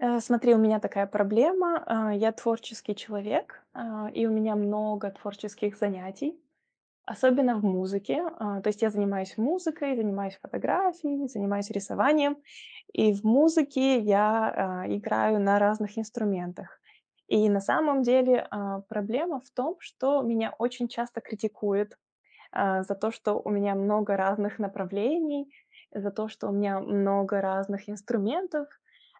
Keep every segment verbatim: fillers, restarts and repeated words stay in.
А, смотри, у меня такая проблема, а. Я творческий человек, а, и у меня много творческих занятий, особенно в музыке, а. То есть я занимаюсь музыкой, занимаюсь фотографией, занимаюсь рисованием. И в музыке я, а, играю на разных инструментах. И, на самом деле, а, проблема в том, что меня очень часто критикуют, а, за то, что у меня много разных направлений, за то, что у меня много разных инструментов,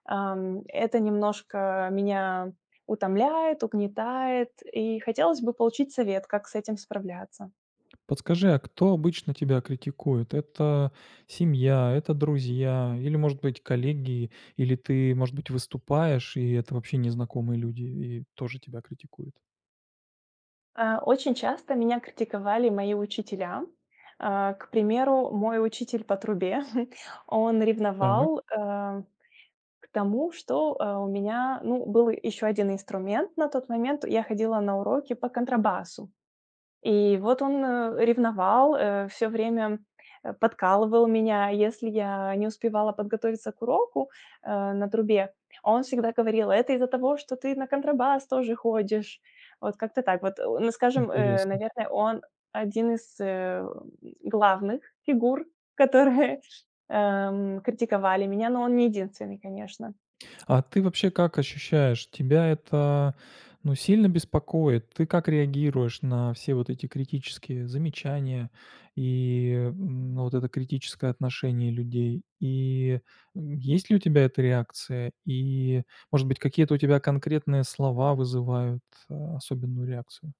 ам, это немножко меня утомляет, угнетает, и хотелось бы получить совет, как с этим справляться. Подскажи, а кто обычно тебя критикует? Это семья, это друзья или, может быть, коллеги, или ты, может быть, выступаешь, и это вообще незнакомые люди, и тоже тебя критикуют? А очень часто меня критиковали мои учителя, а. К примеру, мой учитель по трубе, он Так. ревновал, э, к тому, что, э, у меня, ну, был ещё один инструмент. На тот момент я ходила на уроки по контрабасу, и вот он, э, ревновал, э, всё время, э, подкалывал меня, если я не успевала подготовиться к уроку, э, на трубе. Он всегда говорил: "Это из-за того, что ты на контрабас тоже ходишь". Вот как-то так. Вот, о скажем, э, Интересно. наверное, он- один из, э, главных фигур, которые, эм, критиковали меня. Но он не единственный, конечно. А ты вообще как ощущаешь? Тебя это, ну, сильно беспокоит? Ты как реагируешь на все вот эти критические замечания и, м, но вот это критическое отношение людей, и, м, есть ли у тебя эта реакция, и, может быть, какие-то у тебя конкретные слова вызывают, а, особенную реакцию?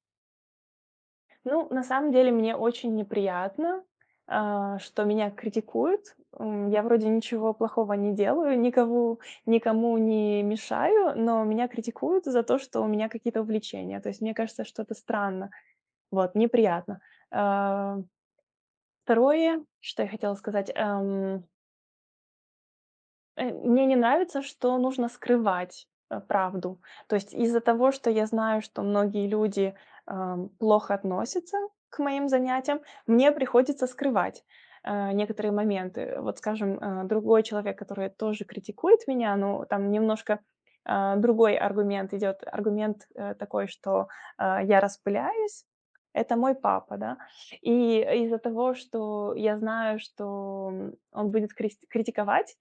Ну, на самом деле мне очень неприятно, а, что меня критикуют. Э, я вроде ничего плохого не делаю, никому, никому не мешаю, но меня критикуют за то, что у меня какие-то увлечения, то есть мне кажется, что это странно. Вот, неприятно. А. второе, что я хотела сказать, эм Э, мне не нравится, что нужно скрывать, э, правду, то есть из-за того, что я знаю, что многие люди, ам, плохо относятся к моим занятиям, мне приходится скрывать, э, некоторые моменты. Вот, скажем, э, другой человек, который тоже критикует меня, но там немножко, а, другой аргумент идёт, аргумент, э, такой, что, э, я распыляюсь- это мой папа, да. И из-за того, что я знаю, что, м, он будет крист критиковать,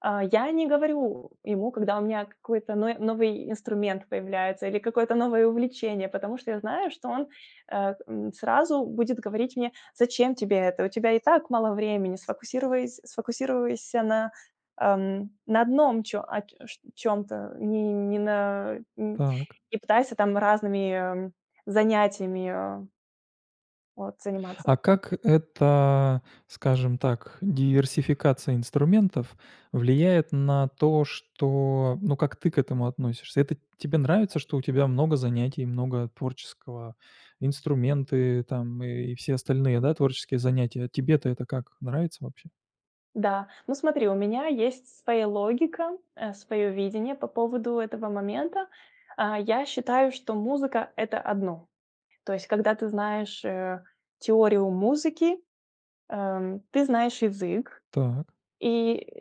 а, я не говорю ему, когда у меня какой-то ной новый инструмент появляется или какое-то новое увлечение, потому что я знаю, что он, э, м, сразу будет говорить мне: "Зачем тебе это, у тебя и так мало времени, сфокусирувайс сфокусируйся на, ам, на одном чё а, чт чём-то, не не на, э, Так. и пытайся там разными, м, занятиями, э вот, заниматься". А как эта, скажем так, диверсификация инструментов влияет на то, что, ну, как ты к этому относишься? Это тебе нравится, что у тебя много занятий, много творческого, инструменты там и все остальные, да, творческие занятия? Тебе-то это как, нравится вообще? Да. Ну, смотри, у меня есть своя логика, э, своё видение по поводу этого момента. А, я считаю, что музыка- это одно. То есть когда ты знаешь, э, теорию музыки, э, м, ты знаешь язык Так. и,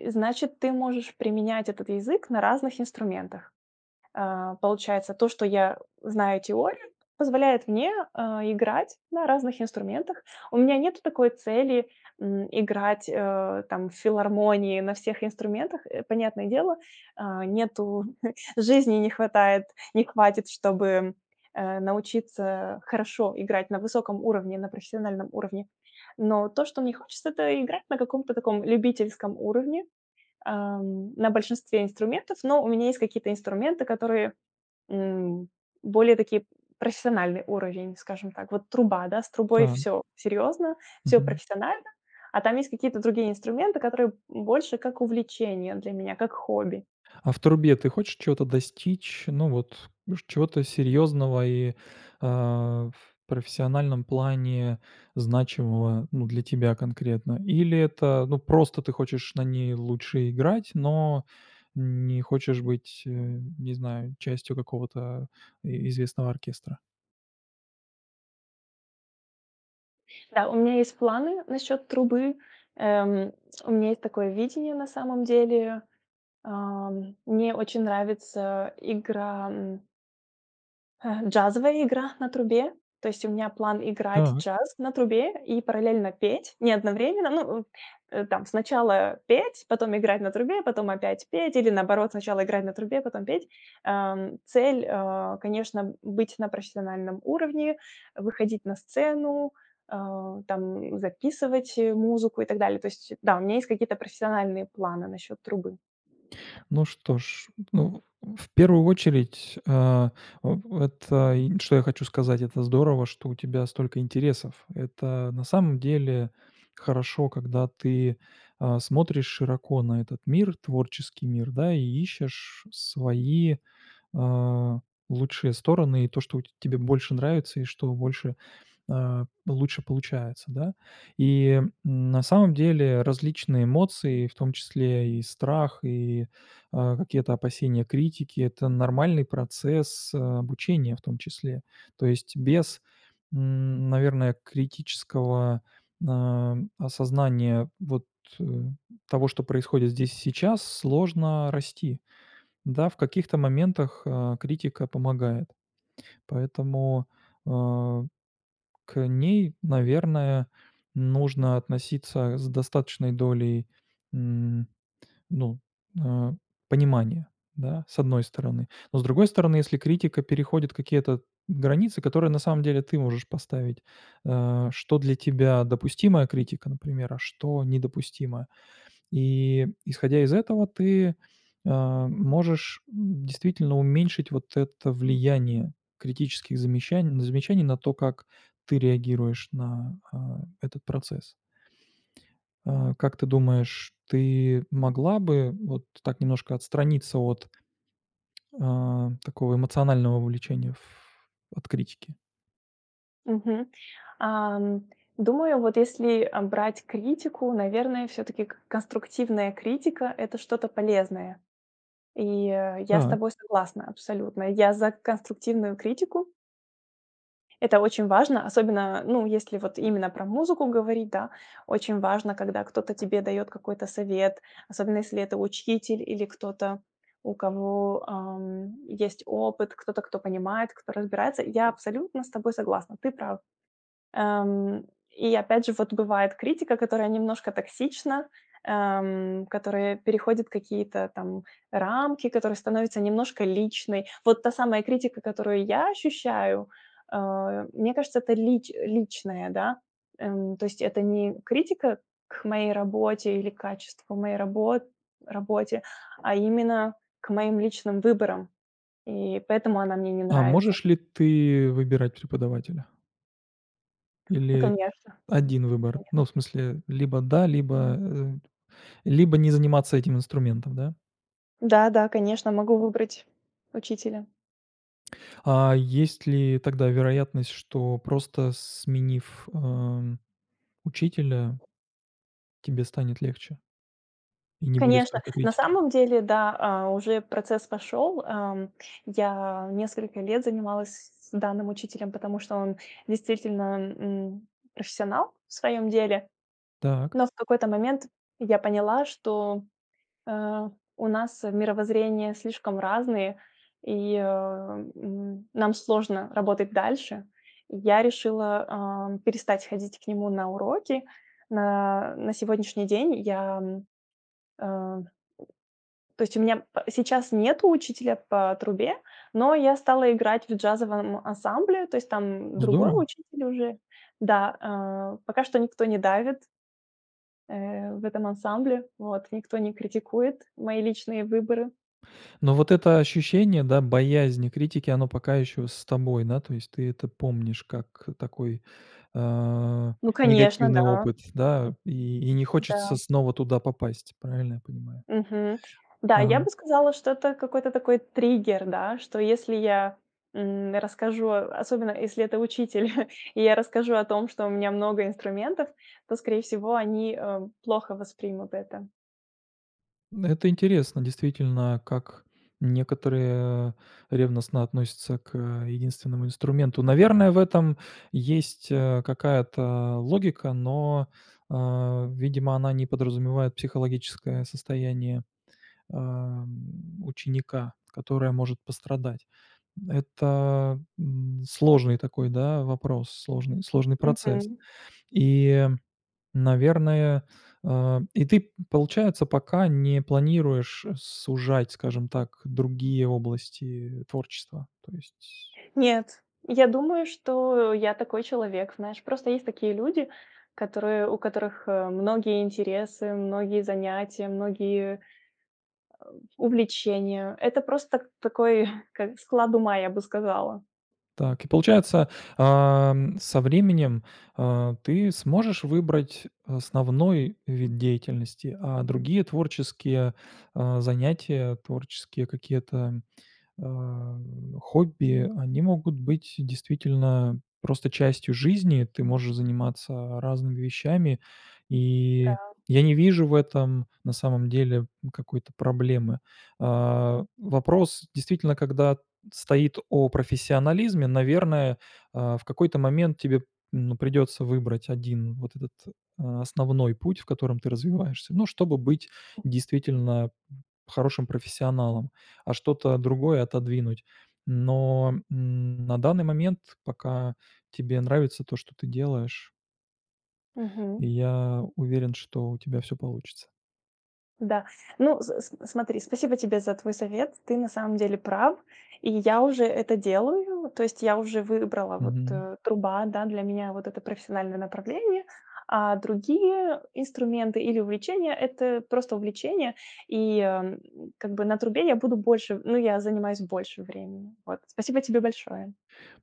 э, значит, ты можешь применять этот язык на разных инструментах. А, получается, то, что я знаю теорию, позволяет мне, э, играть на разных инструментах. У меня нету такой цели, м, играть, э, там в филармонии на всех инструментах. Э, понятное дело, э, нету жизни не хватает не хватит, чтобы, э, научиться хорошо играть на высоком уровне, на профессиональном уровне. Но то, что мне хочется- это играть на каком-то таком любительском уровне, эм, на большинстве инструментов, но у меня есть какие-то инструменты, которые, м, более такие, профессиональный уровень, скажем так. Вот труба, да, с трубой Так. всё серьезно, всё Мгм. профессионально, а там есть какие-то другие инструменты, которые, м, больше как увлечение для меня, как хобби. А в трубе ты хочешь чё-то достичь? Ну, вот чт чего-то серьезного и, э, в профессиональном плане значимого, ну, для тебя конкретно. Или это, ну, просто ты хочешь на ней лучше играть, но не хочешь быть, э, не знаю, частью какого-то и известного оркестра? Да, у меня есть планы насчёт трубы, эм. У меня есть такое видение на самом деле. Ам, мне очень нравится игра м э, джазовая игра на трубе, то есть у меня план играть Так. джаз на трубе и параллельно петь. Не одновременно, ну, у там сначала петь, потом играть на трубе, потом опять петь или, наоборот, сначала играть на трубе, потом петь, ам. Цель, а, конечно, быть на профессиональном уровне, выходить на сцену, а, там записывать музыку и так далее. То есть да. У меня есть какие-то профессиональные планы насчет трубы. Ну что ж, ну, в первую очередь, а, в вот, э, и что я хочу сказать: это здорово, что у тебя столько интересов. Это на самом деле хорошо, когда ты, а, смотришь широко на этот мир, творческий мир, да, и ищешь свои, а, лучшие стороны и то, что у т тебе больше нравится и что больше, а, лучше получается, да. И, м, на самом деле различные эмоции, в том числе и страх, и, а, какие-то опасения критики- это нормальный процесс обучения, в том числе. То есть без, м, наверное, критического, а, осознания вот, э, того, что происходит здесь и сейчас, сложно расти, да. В каких-то моментах, а, критика помогает. Поэтому, а, к ней, наверное, нужно относиться с достаточной долей, м, ну, а, понимания, да, с одной стороны. Но с другой стороны, если критика переходит какие-то границы, которые на самом деле ты можешь поставить: а, что для тебя допустимая критика, например, а что недопустимо. И исходя из этого ты, а, можешь действительно уменьшить вот это влияние критических замещан замечаний на то, как ты реагируешь на, а, этот процесс. А, как ты думаешь, ты могла бы вот так немножко отстраниться от, а, такого эмоционального вовлечения в от критики? Мгм, ам, думаю, вот если, а, брать критику, наверное, всё-таки к конструктивная критика- это что-то полезное, и, э, я с Так. тобой согласна абсолютно, я за конструктивную критику. Это очень важно, особенно, ну, если вот именно про музыку говорить, да, очень важно, когда кто-то тебе дает какой-то совет, особенно если это учитель или кто-то, у кого, ам, есть опыт, кто-то, кто понимает, кто разбирается. Я абсолютно с тобой согласна, ты прав. Ам, и опять же, вот бывает критика, которая немножко токсична, ам, которая переходит какие-то там рамки, которая становится немножко личной. Вот та самая критика, которую я ощущаю, а, мне кажется, это лич личная, да, эм, то есть это не критика к моей работе или к качеству моей рабо работе, а именно к моим личным выборам, и поэтому она мне не А нравится. можешь ли ты выбирать преподавателя? Ну, Или конечно один выбор? конечно. Ну, в смысле, либо да, либо, э, либо не заниматься этим инструментом, да. Да-да, конечно, могу выбрать учителя. А, есть ли тогда вероятность, что просто сменив, эм, учителя тебе станет легче? И не будет Конечно, столько на критики. самом деле, да. А, уже процесс пошёл. Эм, я несколько лет занималась с данным учителем, потому что он действительно, м, профессионал в своём деле. Так. Но в какой-то момент я поняла, что, э, у нас мировоззрения слишком разные и, э, н нам сложно работать дальше. Я решила, а, перестать ходить к нему на уроки. На на сегодняшний день я, м, ам, то есть у меня п сейчас нету учителя по трубе, но я стала играть в джазовом ансамбле, то есть там другой Здорово. учитель уже. Да, а, пока что никто не давит э, в этом ансамбле. Вот. Никто не критикует мои личные выборы. Но вот это ощущение, да, боязни критики, оно пока еще с тобой, да, то есть ты это помнишь как такой, э, Ну, конечно, негативный да. опыт, да. И и не хочется Да. снова туда попасть. Правильно я понимаю? Мгм. Да, я Ага. бы сказала, что это какой-то такой триггер, да, что если я, м, расскажу, особенно если это учитель, и я расскажу о том, что у меня много инструментов, то, скорее всего, они, э, плохо воспримут это. Это интересно действительно, как некоторые ревностно относятся к, э, единственному инструменту. Наверное, в этом есть, э, какая-то логика, но, э, видимо, она не подразумевает психологическое состояние, э, м, ученика, которое может пострадать. Это, м, сложный такой, да, вопрос, сложный сложный процесс. Мгм. И, наверное э, и ты, получается, пока не планируешь сужать, скажем так, другие области творчества, то есть Нет, я думаю, что, я такой человек. Знаешь, просто есть такие люди, которые у которых, э, многие интересы, многие занятия, э, многие увлечения. Это просто такой, как бы склад ума, я бы сказала. Так и получается, ам, со временем, а, ты сможешь выбрать основной вид деятельности, а другие творческие, а, занятия, творческие какие-то, а, хобби, они могут быть действительно просто частью жизни. Ты можешь заниматься разными вещами, и Да. я не вижу в этом, на самом деле, какой-то проблемы. А, вопрос, действительно, когда стоит о профессионализме, наверное, а, в какой-то момент тебе, ну, придется выбрать один вот этот, а, основной путь, в котором ты развиваешься, ну, чтобы быть М. действительно б хорошим профессионалом, а, что-то другое отодвинуть. Но н на данный момент, пока тебе нравится то, что ты делаешь Мгм. и я уверен, что у тебя всё получится. Да, ну с с смотри. Спасибо тебе за твой совет. Ты на самом деле прав, и я уже это делаю, то есть я уже выбрала вот, Мгм. э, труба, да, для меня вот это профессиональное направление, а другие инструменты или увлечения- это просто увлечение, и, э, как бы на трубе я буду больше. Ну, я занимаюсь больше времени. Вот, спасибо тебе большое.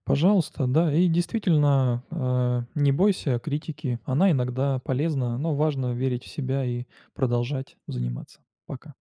Пожалуйста, да, и действительно, а, не бойся критики, она иногда полезна, но важно верить в себя и продолжать заниматься. Пока.